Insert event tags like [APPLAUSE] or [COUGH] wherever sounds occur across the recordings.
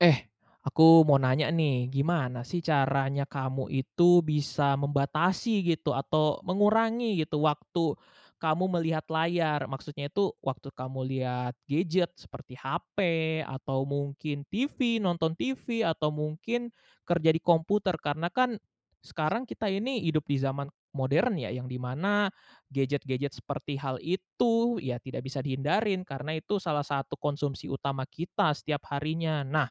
Eh, aku mau nanya nih gimana sih caranya kamu itu bisa membatasi gitu atau mengurangi gitu waktu, kamu melihat layar? Maksudnya itu waktu kamu lihat gadget seperti hape atau mungkin TV nonton TV atau mungkin, kerja di komputer karena kan, sekarang kita ini hidup di zaman, modern ya yang di mana gadget-gadget seperti hal itu ya tidak bisa dihindarin karena itu salah satu konsumsi utama kita setiap harinya. Nah,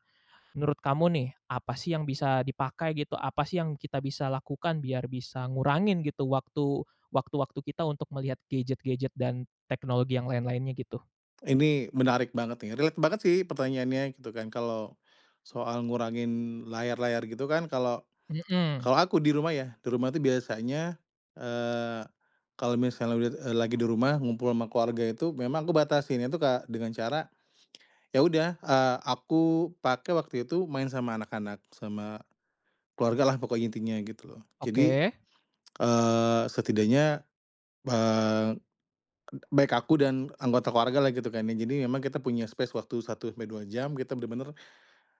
menurut kamu nih apa sih yang bisa dipakai gitu? Apa sih yang kita bisa lakukan biar bisa ngurangin gitu waktu waktu-waktu kita untuk melihat gadget-gadget dan teknologi yang lain-lainnya gitu? Ini menarik banget nih relate banget sih pertanyaannya gitu kan kalo, soal ngurangin layar-layar gitu kan kalau Mhm. kalau aku di rumah ya di rumah tuh biasanya, eee, kalo misalnya lag eee, lagi di rumah ngumpul ama keluarga itu memang aku batasin itu Kak dengan cara, ya udah, eee, aku pakai waktu itu main sama anak-anak sama, keluargalah pokoknya intinya gitu loh. Jadi, Oke. eee, setidaknya, eee, b baik aku dan anggota keluargalah gitu kan ya jadi emang kita punya space waktu 1 sampai 2 jam kita bener-bener,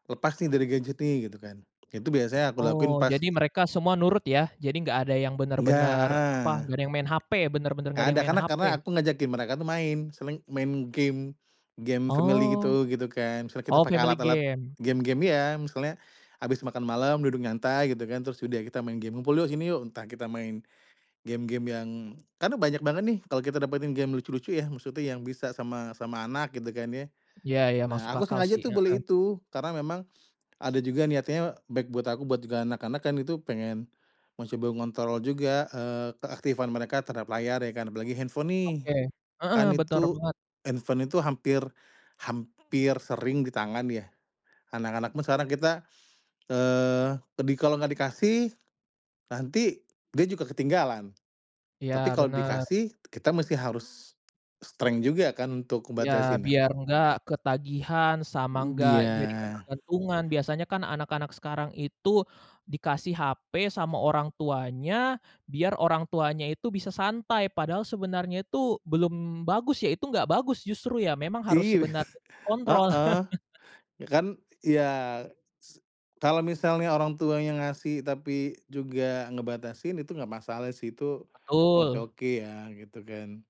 lepas nih dari gadget nih gitu kan. Itu biasanya aku lakuin Oh, pas jadi mereka semua nurut ya. Jadi gak ada yang Nggak, bener-bener heeh. apa gak ada yang main hape bener-bener gak Nggak ada yang ada main karena karena hape. aku ngajakin mereka tuh main misalnya main game game family Oh, gitu, gitu kan misalnya kita oh pakai family alat-alat game. game-game iya, misalnya, abis makan malam duduk nyantai gitu kan terus udah kita main game ngumpul yuk sini yuk entah kita main, game-game yang karena banyak banget nih kalau kita dapetin game lucu-lucu ya maksudnya yang bisa sama sama anak gitu kan ya. Iya iya Nah, masuk aku akal sengaja sih, tuh heeh. beli itu karena memang, ada juga niatnya baik buat aku buat juga anak-anak kan itu pengen, mencoba mengontrol juga, eee, keaktifan mereka terhadap layar ya kan? Apalagi handphone nih, Oke, heeh, kan bener itu, banget. handphone itu hampir hampir sering ditangan ya. Anak-anak pun sekarang kita, eee, ke di kalau gak dikasih, nanti dia juga ketinggalan, Iya, tapi kalau benar. dikasih kita mesti harus, strength juga kan untuk Iya, ngebatasinnya. biar gak ketagihan sama Mmm, gak jadi biar ketergantungan biasanya kan anak-anak sekarang itu, dikasih hape sama orang tuanya biar orang tuanya itu bisa santai padahal sebenarnya itu belum bagus ya itu nggak bagus justru ya memang harus Iya, sebenarnya [CHUCKLES] dikontrol. heeh, [LAUGHS] ya kan ya se kalau misalnya orang tuanya ngasih tapi juga ngebatasin itu gak masalah sih itu, oke Betul. oke ya gitu kan.